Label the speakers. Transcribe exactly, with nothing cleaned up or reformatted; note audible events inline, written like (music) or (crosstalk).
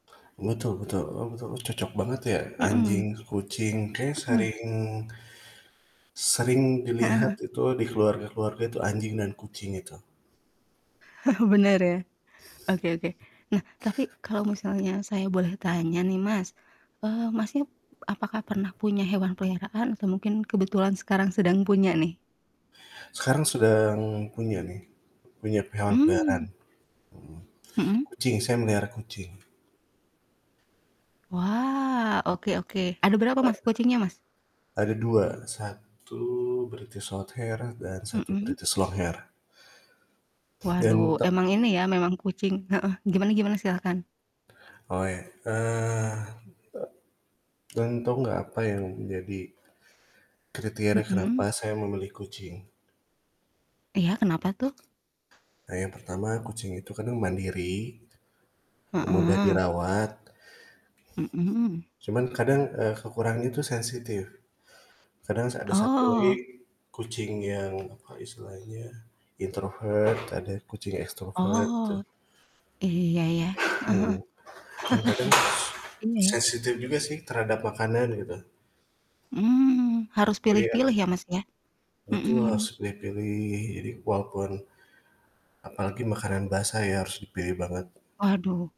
Speaker 1: Betul betul. Oh, betul, cocok banget ya,
Speaker 2: Mhm.
Speaker 1: anjing, kucing, kayak
Speaker 2: Mhm.
Speaker 1: sering sering
Speaker 2: Heeh heeh.
Speaker 1: dilihat itu di keluarga-keluarga itu anjing dan kucing itu.
Speaker 2: (chuckles) Bener ya. Oke oke. Nah, tapi kalo misalnya saya boleh tanya nih Mas, eee, Masnya apakah pernah punya hewan peliharaan atau mungkin kebetulan sekarang sedang punya nih?
Speaker 1: Sekarang sedang punya nih, punya hewan peliharaan.
Speaker 2: Mmm.
Speaker 1: Mhm,
Speaker 2: Mhm.
Speaker 1: kucing, saya memelihara kucing.
Speaker 2: Wah, oke oke, ada berapa Mas kucingnya Mas?
Speaker 1: Heeh. Ada dua, satu British shorthair dan satu
Speaker 2: Mhm.
Speaker 1: British longhair.
Speaker 2: Waduh
Speaker 1: Dan ta
Speaker 2: emang ini ya, memang kucing heeh. Gimana-gimana? Silahkan.
Speaker 1: Oh ya, eee, dan tau nggak apa yang jadi kriteria kenapa
Speaker 2: Mhm.
Speaker 1: saya memilih kucing?
Speaker 2: Iya, kenapa tuh?
Speaker 1: Nah, yang pertama kucing itu kan mandiri, mudah
Speaker 2: Heeh.
Speaker 1: dirawat
Speaker 2: Mhm.
Speaker 1: cuman kadang, eee, kekurangan itu sensitif. Kadang s ada satu lagi
Speaker 2: Oh.
Speaker 1: kucing yang apa istilahnya, introvert, ada kucing extrovert tuh.
Speaker 2: Oh. Iya, ya. Heeh
Speaker 1: Mhm,
Speaker 2: heeh.
Speaker 1: kadang-kadang
Speaker 2: (chuckles) Iya ya.
Speaker 1: sensitif juga sih terhadap makanan gitu.
Speaker 2: Mmm, harus
Speaker 1: Jadi ada
Speaker 2: pilih-pilih ya Mas ya,
Speaker 1: Betul harus
Speaker 2: mhm.
Speaker 1: dipilih-pilih. Jadi walaupun apalagi makanan basah ya, harus dipilih banget.
Speaker 2: Waduh.